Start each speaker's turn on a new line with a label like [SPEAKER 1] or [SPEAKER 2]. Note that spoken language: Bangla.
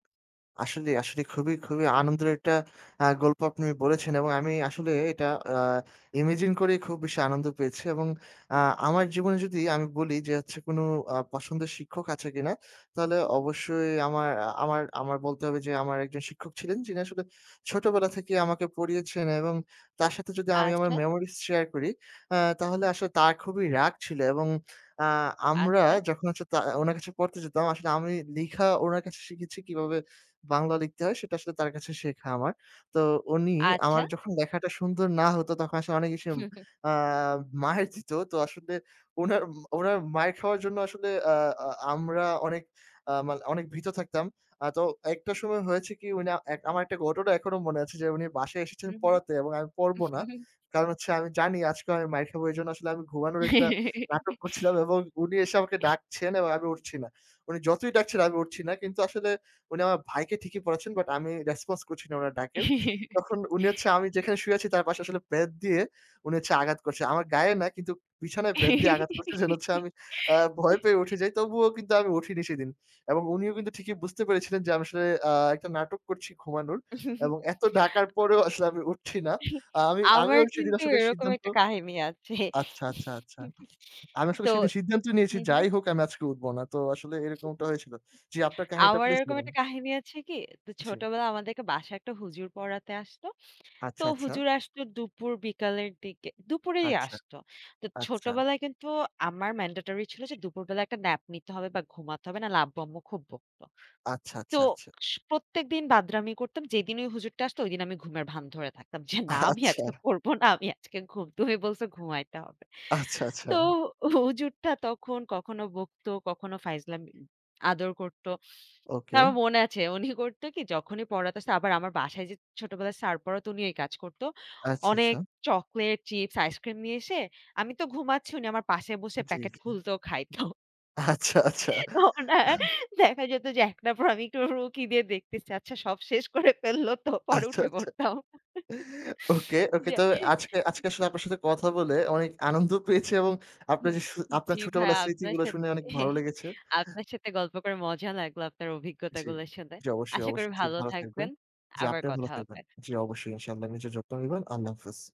[SPEAKER 1] আসলে, আসলে। খুবই, খুবই আনন্দের একটা আ গল্প আপনি বলেছেন এবং আমি আসলে এটা আ ইমাজিন করেই খুব বেশি আনন্দ পেয়েছি এবং আ আমার জীবনে যদি আমি বলি যে হচ্ছে কোন আ পছন্দের শিক্ষক আছে কিনা? তাহলে অবশ্যই আমার এ আমার আমার বলতে হবে যে, আমার একজন শিক্ষক ছিলেন যিনি আসলে ছোটবেলা থেকেই আমাকে পড়িয়েছেন এবং তার সাথে যদি আমি আমার
[SPEAKER 2] আচ্ছা।
[SPEAKER 1] মেমোরিস শেয়ার করি আ তাহলে আসলে তার খুবই রাগ ছিল এবং আ আমরা
[SPEAKER 2] আচ্ছা।
[SPEAKER 1] যখন হচ্ছে তা ওনার কাছে পড়তে যেতাম আসলে আমি লিখা উনার কাছে শিখেছি কিভাবে বাংলা লিখতে হয়। সেটা আসলে তার কাছে শেখা আমার। তো উনি আমার
[SPEAKER 2] আচ্ছা।
[SPEAKER 1] যখন লেখাটা সুন্দর না হতো, তখন আসলে অনেক ইস আ মাইর দিত। তো আসলে ওনার, ওনার মাইর খাওয়ার জন্য আসলে আ আ আমরা অনেক আ মানে অনেক ভীত থাকতাম। আ তো একটা সময় হয়েছে কি উনি আ এক আমার একটা ঘটনা এখনো মনে আছে যে, উনি বাসায় এসেছেন
[SPEAKER 2] হুম, হুম।
[SPEAKER 1] পড়াতে এবং আমি পড়বো না। কারণ হচ্ছে আমি জানি আজকে আমি মাইর খাব এজন্য আসলে আমি ঘুমানোর একটা নাটক করছিলাম এবং উনি এসে আমাকে ডাকছেন এবং আমি উঠছি না। উনি যতই ডাকছেন, আমি উঠছি না কিন্তু আসলে উনি আমার ভাইকে ঠিকই পড়াচ্ছেন বাট আমি রেসপন্স করছি না উনার ডাকের। তখন উনি হচ্ছে আমি যেখানে শুয়ে আছি তার পাশে আসলে বেত দিয়ে উনি হচ্ছে আঘাত করছে, আমার গায়ে না কিন্তু বিছানায় বেত দিয়ে আঘাত করছে। যেটা হচ্ছে আমি আ ভয় পেয়ে উঠে যাই তবুও কিন্তু আমি উঠিনি সেদিন এবং উনিও কিন্তু ঠিকই বুঝতে পেরেছিলেন যে আমি আসলে আ একটা নাটক করছি ঘুমানোর এবং এত ডাকার পরেও আসলে আমি উঠছি না। আ আমি
[SPEAKER 2] আমার
[SPEAKER 1] আমিও সেদিন
[SPEAKER 2] কিন্তু
[SPEAKER 1] আসলে
[SPEAKER 2] এরকম
[SPEAKER 1] সিদ্ধান্ত
[SPEAKER 2] একটা কাহিনী আছে।
[SPEAKER 1] আচ্ছা, আচ্ছা, আচ্ছা আমি আসলে
[SPEAKER 2] তো
[SPEAKER 1] সেদিন সিদ্ধান্ত নিয়েছি
[SPEAKER 2] হুম, হুম।
[SPEAKER 1] যাই হোক আমি আজকে উঠবো না। তো আসলে এরকমটা হয়েছিল। জি, আপনার কাহিনীটা
[SPEAKER 2] আমার
[SPEAKER 1] প্লিজ
[SPEAKER 2] এরকম
[SPEAKER 1] বলুন।
[SPEAKER 2] একটা কাহিনী আছে কি? তো
[SPEAKER 1] জি।
[SPEAKER 2] ছোটবেলায় আমাদেরকে বাসায় একটা হুজুর পড়াতে আসতো। তো
[SPEAKER 1] আচ্ছা, আচ্ছা।
[SPEAKER 2] হুজুর আসতো দুপুর বিকালের দিকে, দুপুরেই
[SPEAKER 1] আচ্ছা,
[SPEAKER 2] আসতো। তো
[SPEAKER 1] আচ্ছা।
[SPEAKER 2] ছোটবেলায় কিন্তু আমার ম্যান্ডেটরি ছিল যে দুপুরবেলা একটা ন্যাপ নিতে হবে বা ঘুমাতে হবে। নাইলে আব্বু আম্মু খুব বকতো।
[SPEAKER 1] আচ্ছা,
[SPEAKER 2] তো
[SPEAKER 1] আচ্ছা, আচ্ছা।
[SPEAKER 2] স প্রত্যেকদিন বাদরামি করতাম। যেদিন ওই হুজুরটা আসতো ওইদিন আমি ঘুমের ভান ধরে থাকতাম। যে, না আমি
[SPEAKER 1] আচ্ছা।
[SPEAKER 2] আজকে পড়ব না, আমি আজকে ঘুম। তুমি বলছো ঘুমাইতে হবে।
[SPEAKER 1] আচ্ছা, আচ্ছা।
[SPEAKER 2] তো হুজুরটা তখন কখনো বকতো, কখনো ফাইজলাম উম আদর করতো। তো
[SPEAKER 1] ওকে।
[SPEAKER 2] আমার মনে আছে উনি করতো কি যখনই পড়াতে আসছে আবার আমার বাসায় যে ছোটবেলায় স্যার পড়াতো উনি এই কাজ করতো।
[SPEAKER 1] আচ্ছা,
[SPEAKER 2] অনেক
[SPEAKER 1] আচ্ছা।
[SPEAKER 2] চকোলেট, চিপস, আইসক্রিম নিয়ে এসে, আমি তো ঘুমাচ্ছি উনি আমার পাশে বসে
[SPEAKER 1] জি,
[SPEAKER 2] প্যাকেট
[SPEAKER 1] জি।
[SPEAKER 2] খুলতো, খাইত
[SPEAKER 1] আচ্ছা, আচ্ছা।
[SPEAKER 2] ও না, দেখা যেত যে একটা পর আমি একটু ওর উকি দিয়ে দেখতেছি, আচ্ছা সব শেষ করে ফেলল তো। পরে
[SPEAKER 1] আচ্ছা,
[SPEAKER 2] উঠে
[SPEAKER 1] আচ্ছা।
[SPEAKER 2] পড়তাম।
[SPEAKER 1] ওকে, ওকে।
[SPEAKER 2] যে
[SPEAKER 1] তো আজকে আজকে আসলে আপনার সাথে কথা বলে অনেক আনন্দ পেয়েছি এবং আপনার
[SPEAKER 2] হুম,
[SPEAKER 1] যে সু আপনার
[SPEAKER 2] জি ভাইয়া।
[SPEAKER 1] ছোটবেলার
[SPEAKER 2] আপনার
[SPEAKER 1] স্মৃতিগুলো
[SPEAKER 2] সাথে
[SPEAKER 1] শুনে অনেক ভালো লেগেছে।
[SPEAKER 2] আপনার সাথে গল্প করে মজা লাগলো আপনার
[SPEAKER 1] জি,
[SPEAKER 2] অভিজ্ঞতাগুলো শুনে।
[SPEAKER 1] জি। অবশ্যই,
[SPEAKER 2] আশা করি
[SPEAKER 1] অবশ্যই। জি,
[SPEAKER 2] ভালো
[SPEAKER 1] ভালো থাকবেন।
[SPEAKER 2] থাকবেন।
[SPEAKER 1] জি,
[SPEAKER 2] আবার
[SPEAKER 1] আপনিও ভালো
[SPEAKER 2] কথা
[SPEAKER 1] থাকবেন।
[SPEAKER 2] হবে।
[SPEAKER 1] জি, অবশ্যই ইনশাআল্লাহ। নিজের যত্ন নিবেন। আল্লাহ হাফেজ।